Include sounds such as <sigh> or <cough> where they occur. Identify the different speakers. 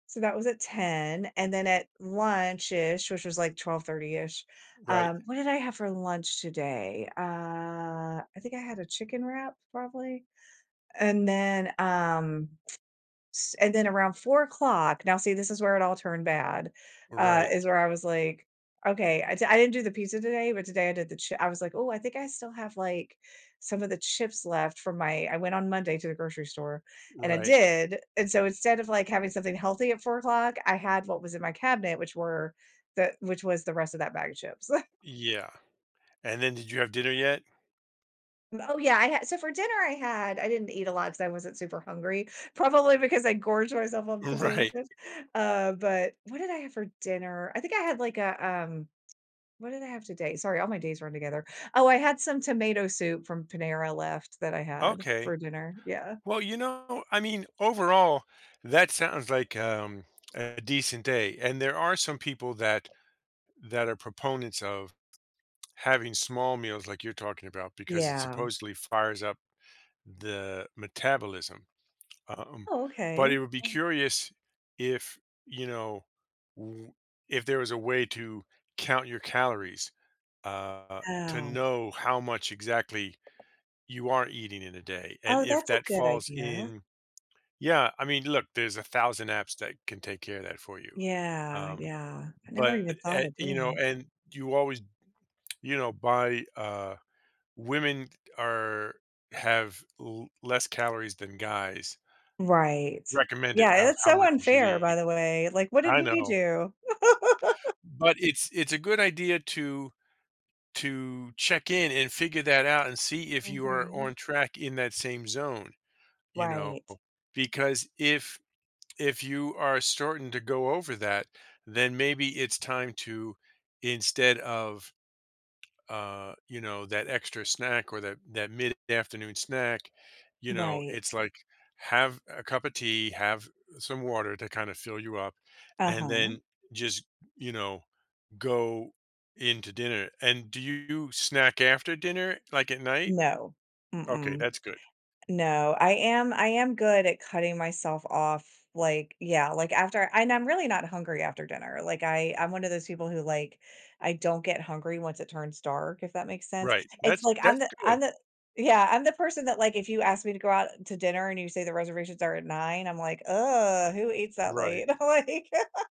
Speaker 1: So, that was at 10:00. And, then, at lunch-ish, which was, like, twelve thirty-ish
Speaker 2: Right.
Speaker 1: um, what did I have for lunch today? Uh, I think I had a chicken wrap, probably? And then, um, <tsk> s and then around 04:00 now, see, this is where it all turned bad uh,
Speaker 2: Right.
Speaker 1: is where I was like, "Okay" I d I didn't do the pizza today, but today I did the chi I was like, "Oh, I think I still have, like, some of the chips left from my" I went on Monday to the grocery store, and I
Speaker 2: Right.
Speaker 1: did, and so, instead of, like, having something healthy at 04:00, I had what was in my cabinet, which were the which was the rest of that bag of chips. <chuckles>
Speaker 2: Yeah. And then did you have dinner yet?
Speaker 1: Oh, yeah, I had so, for dinner, I had I didn't eat a lot 'cause I wasn't super hungry, probably because I gorge myself on potato
Speaker 2: Right/
Speaker 1: chips. Uh, but what did I have for dinner? I think I had, like, a, um what did I have today? Sorry, all my days run together oh, I had some tomato soup from Panera left that I had
Speaker 2: Okay.
Speaker 1: for dinner. Yeah.
Speaker 2: Well, you know I mean, overall, that sounds like, um, a decent day and there are some people that that are proponents of having small meals like you're talking about because it,
Speaker 1: Yeah.
Speaker 2: supposedly, fires up the metabolism. Um,
Speaker 1: Oh,
Speaker 2: but it
Speaker 1: okay.
Speaker 2: would be
Speaker 1: Um
Speaker 2: curious if, you know, w if there was a way to count your calories, uh, to
Speaker 1: Ow.
Speaker 2: know how much exactly you are eating in a day. And
Speaker 1: Oh,
Speaker 2: if
Speaker 1: that's a
Speaker 2: that
Speaker 1: good
Speaker 2: falls
Speaker 1: idea.
Speaker 2: in Yeah, I mean, look, there's a thousand apps that can take care of that for you.
Speaker 1: Yeah,
Speaker 2: Um,
Speaker 1: yeah. I never
Speaker 2: but
Speaker 1: even thought
Speaker 2: at
Speaker 1: of
Speaker 2: you
Speaker 1: doing
Speaker 2: know,
Speaker 1: that.
Speaker 2: and you always, <swallows> you know, buy, uh women are have l less calories than guys
Speaker 1: Right.
Speaker 2: recommended
Speaker 1: Yeah, and
Speaker 2: of
Speaker 1: it's
Speaker 2: how
Speaker 1: so
Speaker 2: much you should
Speaker 1: unfair, by
Speaker 2: eat.
Speaker 1: the way. Like, "What did
Speaker 2: I
Speaker 1: we
Speaker 2: know.
Speaker 1: do?" <laughs>
Speaker 2: But it's it's a good idea to to check in, and figure that out, and see if you are
Speaker 1: Mhm.
Speaker 2: on track in that same zone, you know?
Speaker 1: Right.
Speaker 2: Because if if you are starting to go over that, then maybe it's time to, instead of, uh, you know, that extra snack or that that mid-afternoon snack, you know,
Speaker 1: Right.
Speaker 2: it's, like, have a cup of tea, have some water to kinda fill you up, and
Speaker 1: Uh-huh.
Speaker 2: then just, you know, go into dinner. And, do you snack after dinner, like, at night?
Speaker 1: No.
Speaker 2: Okay.
Speaker 1: Mm-mm.
Speaker 2: That's good.
Speaker 1: No, I am I am good at cutting myself off. Like yeah, like, after and I'm really not hungry after dinner. Like, I I'm one of those people who, like, I don't get hungry once it turns dark, if that makes sense.
Speaker 2: Right.
Speaker 1: It's
Speaker 2: That's
Speaker 1: like, I'm
Speaker 2: that's
Speaker 1: the I'm
Speaker 2: good.
Speaker 1: the Yeah, I'm the person that, like, if you ask me to go out to dinner and you say the reservations are at 9:00, I'm like, <groans> "Who eats that late?"
Speaker 2: Right.
Speaker 1: I'm, like <laughs>